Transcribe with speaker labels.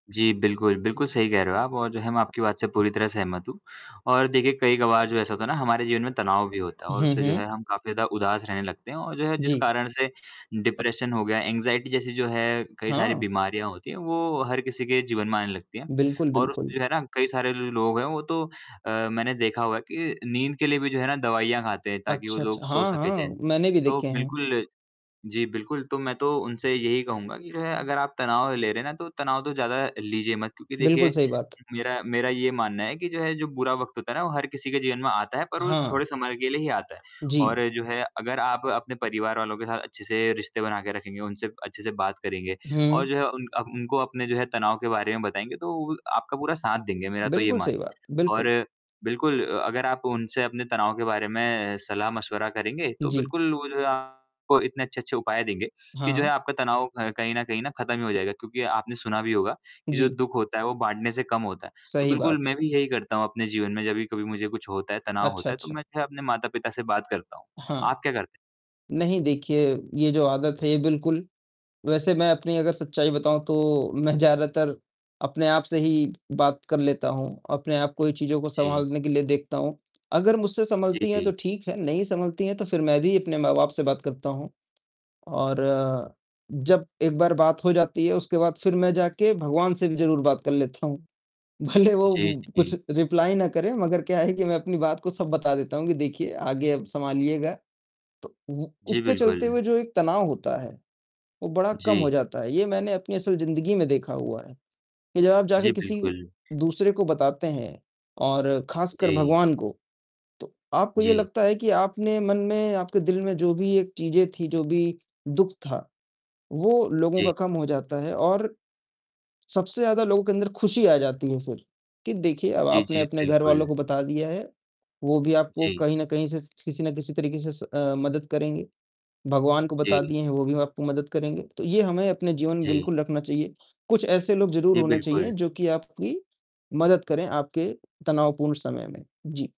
Speaker 1: जी, बिल्कुल। बिल्कुल सही कह रहे हो आप और जो है मैं आपकी बात से पूरी तरह सहमत हूँ और देखिए, कई कबार जो ऐसा होता है ना हमारे जीवन में तनाव भी होता है और
Speaker 2: हुँ,
Speaker 1: उससे जो
Speaker 2: हुँ।
Speaker 1: है हम काफ़ी ज़्यादा उदास रहने लगते हैं और जो है जिस
Speaker 2: जी।
Speaker 1: कारण से डिप्रेशन हो गया, एंग्जायटी जैसी जो है कई सारी
Speaker 2: हाँ।
Speaker 1: बीमारियाँ होती हैं, वो हर किसी के जीवन में आने लगती है
Speaker 2: बिल्कुल,
Speaker 1: और
Speaker 2: बिल्कुल।
Speaker 1: उसमें जो है ना कई सारे लोग हैं वो तो मैंने देखा हुआ है कि अ, नींद के लिए भी जो है ना दवाइयाँ खाते हैं ताकि वो
Speaker 2: अच्छा,
Speaker 1: लोग
Speaker 2: अच्छा।
Speaker 1: सो
Speaker 2: हाँ,
Speaker 1: सके
Speaker 2: हाँ,
Speaker 1: चैन से।
Speaker 2: मैंने भी
Speaker 1: तो
Speaker 2: देखे हैं।
Speaker 1: बिल्कुल जी बिल्कुल, तो मैं तो उनसे यही कहूँगा कि जो है अगर आप तनाव ले रहे है ना तो तनाव तो ज़्यादा लीजिये मत। क्योंकि
Speaker 2: बिल्कुल,
Speaker 1: देखिये
Speaker 2: सही बात।
Speaker 1: मेरा मेरा ये मानना है कि जो है जो बुरा वक़्त होता है ना वो हर किसी के जीवन में आता है, पर वो थोड़े
Speaker 2: हाँ।
Speaker 1: समय के लिए ही आता है।
Speaker 2: जी।
Speaker 1: और जो है अगर आप अपने परिवार वालों के साथ अच्छे से रिश्ते बना के रखेंगे, उनसे अच्छे से बात करेंगे और
Speaker 2: हुँ।
Speaker 1: जो है उन अ, उनको अपने जो है तनाव के बारे में बताएँगे तो वो भी आपका पूरा साथ देंगे, मेरा तो ये
Speaker 2: बिल्कुल सही
Speaker 1: मानना
Speaker 2: बात,
Speaker 1: है
Speaker 2: बिल्कुल।
Speaker 1: और बिल्कुल अ अगर आप उनसे अपने तनाव के बारे में सलाह-मशवरा करेंगे, तो
Speaker 2: जी।
Speaker 1: बिल्कुल वो जो है आपको इतने अच्छे-अच्छे उपाय देंगे कि जो है
Speaker 2: हाँ।
Speaker 1: आपका तनाव क कहीं न कहीं खत्म ही हो जायेगा क्योंकि आपने सुना भी होगा कि जो
Speaker 2: जी।
Speaker 1: दुःख होता है, वो बाटने से कम होता है। तो
Speaker 2: सही
Speaker 1: बिल्कुल,
Speaker 2: बात।
Speaker 1: मैं भी यही करता हूँ अपने जीवन में जब कभी मुझे कुछ होता है, तनाव
Speaker 2: अच्छा,
Speaker 1: होता है, तो
Speaker 2: अच्छा।
Speaker 1: मैं फिर अपने माता-पिता से बात करता हूँ।
Speaker 2: हाँ।
Speaker 1: आप क्या करते हैं?
Speaker 2: नहीं देखिए, ये जो आदत है ये बिल्कुल वैसे मैं अपनी अगर सच्चाई बताऊँ तो मैं ज़्यादातर अपने आप से ही बात कर लेता हूँ। अपने आप को ही चीज़ों को
Speaker 1: जी।
Speaker 2: सँभालने के लिए देखता हूँ। अगर मुझसे
Speaker 1: जी,
Speaker 2: सँभलती है तो
Speaker 1: जी।
Speaker 2: ठीक है, नहीं संभलती है तो फिर मैं भी अपने माँ-बाप से बात करता हूँ और जब एक बार बात हो जाती है, उसके बाद फिर मैं जाके भगवान से भी ज़रूर बात कर लेता हूँ। भले वो
Speaker 1: जी,
Speaker 2: कुछ
Speaker 1: जी।
Speaker 2: रिप्लाई ना करे मगर क्या है कि मैं अपनी बात को सब बता देता हूँ कि देखिए आगे अब सँभालिएगा। तो व
Speaker 1: जी,
Speaker 2: उसके चलते हुए
Speaker 1: बिल्कुल।
Speaker 2: जो एक तनाव होता है, वो बड़ा कम हो
Speaker 1: जी।
Speaker 2: जाता है ये मैंने अपनी असल ज़िन्दगी में देखा हुआ है, कि जब आप जाके
Speaker 1: जी,
Speaker 2: किसी
Speaker 1: बिल्कुल।
Speaker 2: दूसरे को बताते हैं और खासकर
Speaker 1: जी।
Speaker 2: भगवान को, तो आपको ये
Speaker 1: जी।
Speaker 2: लगता है कि आप अपने मन में आपके दिल में जो भी एक चीज़ें थी, जो भी दुःख था, वो लोगों
Speaker 1: जी।
Speaker 2: का कम हो जाता है और सबसे ज़्यादा लोगों के अंदर खुशी आ जाती है फिर कि देखिए अब
Speaker 1: जी,
Speaker 2: आपने
Speaker 1: जी,
Speaker 2: अपने घरवालों
Speaker 1: बिल्कुल।
Speaker 2: को बता दिया है, वो भी आपको
Speaker 1: जी।
Speaker 2: कहीं न कहीं से स किसी ना किसी तरीके से अ, मदद करेंगे। भगवान को बता
Speaker 1: जी।
Speaker 2: दिए हैं, वो भी आपको मदद करेंगे। तो ये हमें अपने जीवन में
Speaker 1: जी।
Speaker 2: बिल्कुल रखना चाहिए। कुछ ऐसे लोग ज़रूर
Speaker 1: जी,
Speaker 2: होने चाहिए
Speaker 1: बिल्कुल।
Speaker 2: जो कि आपकी मदद करें आपके तनावपूर्ण समय में, जी।